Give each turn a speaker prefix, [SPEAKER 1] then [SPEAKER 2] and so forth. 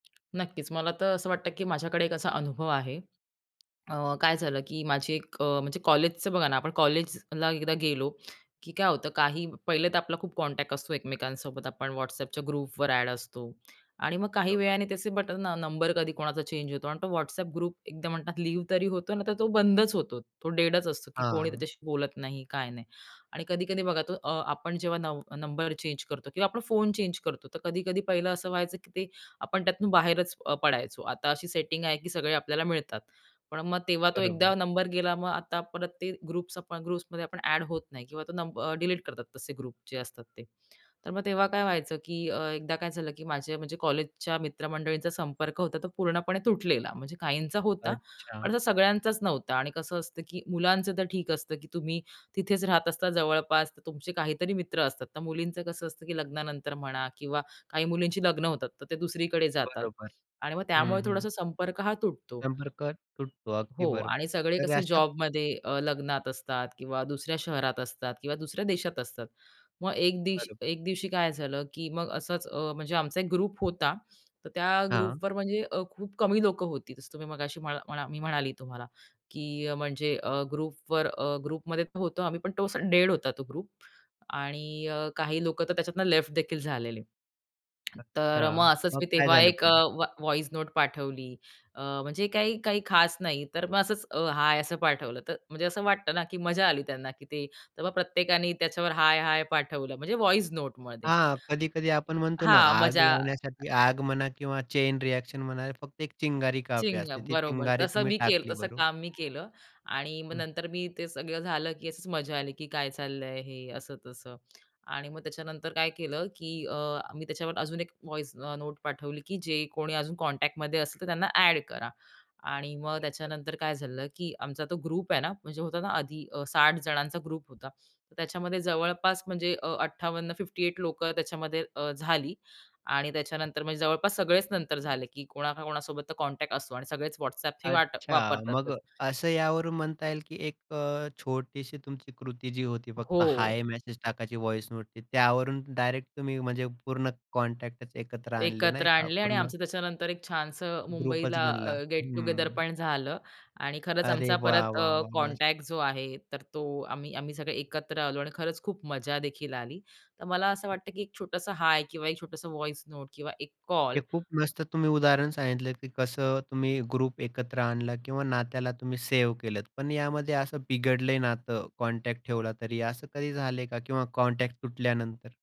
[SPEAKER 1] नक्कीच, मला तर असं वाटतं की माझ्याकडे एक असा अनुभव आहे. अ, काय झालं की माझी एक अ, म्हणजे कॉलेजचं बघा ना, आपण कॉलेजला एकदा गेलो की काय होतं काही पहिले तर आपला खूप कॉन्टॅक्ट असतो एकमेकांसोबत आपण WhatsAppच्या ग्रुपवर ॲड असतो आणि मग काही
[SPEAKER 2] बरोबर.
[SPEAKER 1] वेळाने त्याचे बटन अ, नंबर कधी कोणाचा चेंज होतो आणि तो WhatsApp ग्रुप एकदा म्हणतात लिव्ह तरी होतो ना, तर तो बंदच होतो. तो डेडच असतो की कोणी
[SPEAKER 2] हां.
[SPEAKER 1] त्याच्याशी बोलत नाही काय नाही. आणि कधी-कधी बघा तो अ, आपण जेव्हा नव नंबर चेंज करतो किंवा आपण फोन चेंज करतो. तर कधी-कधी पाहिलं असं व्हायचं की ते आपण त्यातून अ, बाहेरच अ, पडायचो आता अशी सेटिंग आहे की सगळे आपल्याला मिळतात. पण मग तेव्हा तो एकदा
[SPEAKER 2] बरोबर.
[SPEAKER 1] नंबर गेला मग आता परत ते ग्रुप आपण ग्रुप्समध्ये आपण अ‍ॅड होत नाही किंवा तो नंबर अ, डिलीट करतात तसे ग्रुप जे असतात ते. तर मग तेव्हा काय व्हायचं की अ, एकदा काय झालं की माझे म्हणजे कॉलेजच्या मित्रमंडळींचा संपर्क होता तो पूर्णपणे तुटलेला. म्हणजे काहींचा होता, पण
[SPEAKER 2] अच्छा.
[SPEAKER 1] आता सगळ्यांचाच नव्हता आणि कसं असतं की मुलांचं तर ठीक असतं की तुम्ही तिथेच राहत असता जवळपास तर तुमचे काहीतरी मित्र असतात. तर मुलींचं कसं असतं की लग्नानंतर म्हणा किंवा काही मुलींची लग्न होतात, तर ते दुसरीकडे जातात
[SPEAKER 2] बरोबर.
[SPEAKER 1] आणि मग
[SPEAKER 2] हं,
[SPEAKER 1] त्यामुळे
[SPEAKER 2] हं.
[SPEAKER 1] थोडासा संपर्क हा तुटतो.
[SPEAKER 2] संपर्क तुटतो. अगदी
[SPEAKER 1] हो. आणि
[SPEAKER 2] बरोबर.
[SPEAKER 1] सगळे
[SPEAKER 2] तर
[SPEAKER 1] कसे
[SPEAKER 2] अशा
[SPEAKER 1] जॉबमध्ये अ, लग्नात असतात किंवा दुसऱ्या शहरात असतात किंवा दुसऱ्या देशात असतात. मग एक दिशी
[SPEAKER 2] बरोबर.
[SPEAKER 1] एक दिवशी काय झालं की मग असंच अ, म्हणजे आमचा एक ग्रुप होता. तर त्या
[SPEAKER 2] हां.
[SPEAKER 1] ग्रुपवर म्हणजे अ, खूप कमी लोकं होती तसं तुम्ही मगाशी मला मला मी म्हणाली तुम्हाला की अ, म्हणजे अ, ग्रुपवर अ, ग्रुपमध्ये होतो आम्ही पण तो असा डेड होता तो ग्रुप आणि अ, काही लोकं तर त्याच्यातून लेफ्ट देखील झालेले. तर
[SPEAKER 2] अच्छा.
[SPEAKER 1] मग असंच
[SPEAKER 2] मग
[SPEAKER 1] मी
[SPEAKER 2] काय
[SPEAKER 1] तेव्हा
[SPEAKER 2] झालं
[SPEAKER 1] एक अ,
[SPEAKER 2] पुढे?
[SPEAKER 1] व्हाई व्हॉइस नोट पाठवली. अ, म्हणजे काही काही खास नाही. तर मग असंच अ, हाय असं पाठवलं. तर म्हणजे असं वाटतं ना की मजा आली त्यांना की ते, तर मग प्रत्येकानी त्याच्यावर हाय, हाय पाठवलं म्हणजे व्हॉइस नोटमध्ये.
[SPEAKER 2] हां. कधी-कधी आपण म्हणतो ना,
[SPEAKER 1] हां,
[SPEAKER 2] आग
[SPEAKER 1] मजा
[SPEAKER 2] लावण्यासाठी आग म्हणा किंवा चैन रिएक्शन म्हणा फक्त एक चिंगारी काफी असते,
[SPEAKER 1] चिंगम,
[SPEAKER 2] ती
[SPEAKER 1] बरोबर.
[SPEAKER 2] चिंगारी
[SPEAKER 1] तसं
[SPEAKER 2] तुम्ही
[SPEAKER 1] मी केलं
[SPEAKER 2] टाकली
[SPEAKER 1] तसं
[SPEAKER 2] बरोबर.
[SPEAKER 1] काम मी केलं. आणि मग
[SPEAKER 2] हं.
[SPEAKER 1] नंतर मी ते सगळं झालं की अशीच मजा आली. की काय चाललंय हे असं-तसं आणि मग त्याच्यानंतर काय केलं की अ, मी त्याच्यावर अजून एक व्हॉइस अ, नोट पाठवली की जे कोणी अजून कॉन्टॅक्टमध्ये असेल तर त्यांना ॲड करा आणि मग
[SPEAKER 2] बरोबर.
[SPEAKER 1] त्याच्यानंतर काय झालं की आमचा तो ग्रुप आहेना म्हणजे होताना आधी 60 जणांचा ग्रुप होता. त्याच्यामध्ये जवळपास म्हणजे अ, 58, 58 लोकं त्याच्यामध्ये अ, झाली. आणि त्याच्यानंतर म्हणजे जवळपास सगळेच नंतर झाले, की कोणा का कोणासोबत कॉन्टॅक्ट असतो आणि सगळेच WhatsApp हे वाटप
[SPEAKER 2] अच्छा. मग
[SPEAKER 1] वापरतातच.
[SPEAKER 2] अ, असं यावरून म्हणता येईल की एक अ, छोटीशी तुमची कृती जी होती फक्त
[SPEAKER 1] हो.
[SPEAKER 2] हाय मेसेज टाकायची व्हॉइस नोटनी त्यावरून डायरेक्ट तुम्ही म्हणजे पूर्ण कॉन्टॅक्टच एकत्र आणले
[SPEAKER 1] एकत्र
[SPEAKER 2] नाही का
[SPEAKER 1] आणले आणि
[SPEAKER 2] पूर्ण.
[SPEAKER 1] आमचं त्याच्यानंतर एक छानसं
[SPEAKER 2] ग्रुपच
[SPEAKER 1] मुंबईला
[SPEAKER 2] बनला.
[SPEAKER 1] अ, गेट टुगेदर
[SPEAKER 2] हं.
[SPEAKER 1] पण झालं. आणि खरंच
[SPEAKER 2] अरे
[SPEAKER 1] आमचा
[SPEAKER 2] वाह,
[SPEAKER 1] परत
[SPEAKER 2] वाह,
[SPEAKER 1] अ,
[SPEAKER 2] वाह!
[SPEAKER 1] कॉन्टॅक्ट
[SPEAKER 2] मस्त.
[SPEAKER 1] जो आहे तर तो आम्ही आम्ही सगळे एकत्र आलो आणि खरंच खूप मजा देखील आली. तर मला असं
[SPEAKER 2] हं.
[SPEAKER 1] वाटतं की एक छोटंसं हाय किंवा एक छोटंसं व्हॉइस नोट किंवा एक
[SPEAKER 2] हे
[SPEAKER 1] कॉल
[SPEAKER 2] खूप मस्त तुम्ही उदाहरण सांगितलं की कसं तुम्ही ग्रुप एकत्र आणलं किंवा नात्याला तुम्ही सेव्ह केलंत. पण यामध्ये असं बिघडलंय नातं कॉन्टॅक्ट ठेवला तरी, असं कधी झालंय का? किंवा कॉन्टॅक्ट तुटल्यानंतर?